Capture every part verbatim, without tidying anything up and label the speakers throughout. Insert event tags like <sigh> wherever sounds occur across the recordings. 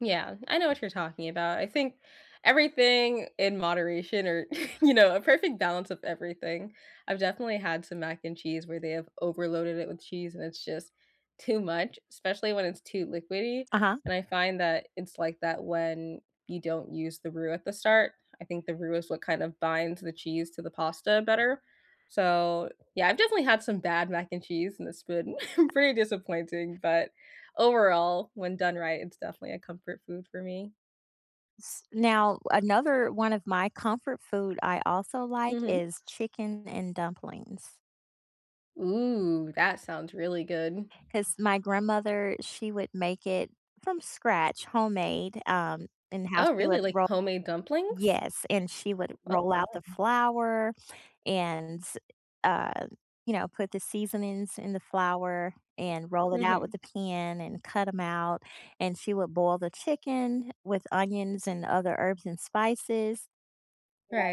Speaker 1: Yeah, I know what you're talking about, I think everything in moderation or <chuckles> you know, a perfect balance of everything, I've definitely had some mac and cheese where they have overloaded it with cheese and it's just too much, especially when it's too liquidy.
Speaker 2: Uh-huh.
Speaker 1: And I find that it's like that when you don't use the roux at the start. I think the roux is what kind of binds the cheese to the pasta better. So, yeah, I've definitely had some bad mac and cheese in this food. <chuckles> Pretty disappointing, but, overall, when done right, it's definitely a comfort food for me.
Speaker 2: S Now, another one of my comfort food I also like
Speaker 1: Mhm.
Speaker 2: is chicken and dumplings.
Speaker 1: Ooh. That sounds really good.
Speaker 2: 'Cause my grandmother, she would make it from scratch, homemade, um, and how
Speaker 1: Oh,
Speaker 2: she
Speaker 1: really,
Speaker 2: would
Speaker 1: like
Speaker 2: roll
Speaker 1: homemade dumplings?
Speaker 2: Yes, and she would
Speaker 1: Oh,
Speaker 2: roll out the
Speaker 1: wow.
Speaker 2: flour, <sniffs> and, um you know, put the seasonings in the flour and roll it out with
Speaker 1: Mhm.
Speaker 2: a pan and cut 'em out, and she would boil the chicken with onions and other herbs and spices,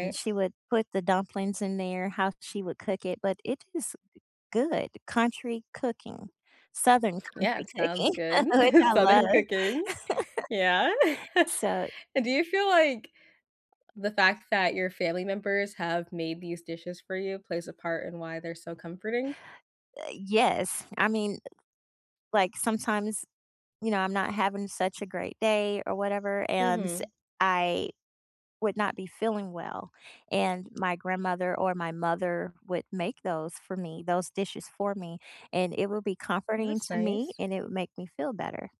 Speaker 2: and she would put the dumplings in there how she would cook it but it is, uh, good country cooking southern
Speaker 1: Yeah,
Speaker 2: country
Speaker 1: it sounds
Speaker 2: cooking,
Speaker 1: good.
Speaker 2: <chuckles> which I
Speaker 1: <chuckles>
Speaker 2: love.
Speaker 1: Southern
Speaker 2: <laughs>
Speaker 1: cooking. Yeah. <laughs>
Speaker 2: So
Speaker 1: And do you feel like the fact that your family members have made these dishes for you plays a part in why they're so comforting?
Speaker 2: Uh, yes. I mean like sometimes you know, I'm not having such a great day or whatever and s
Speaker 1: Mhm.
Speaker 2: I would not be feeling well. And my grandmother or my mother would make those for me those dishes for me, and it will be
Speaker 1: Well,
Speaker 2: comforting
Speaker 1: that's
Speaker 2: to me
Speaker 1: nice.
Speaker 2: and it would make me feel better.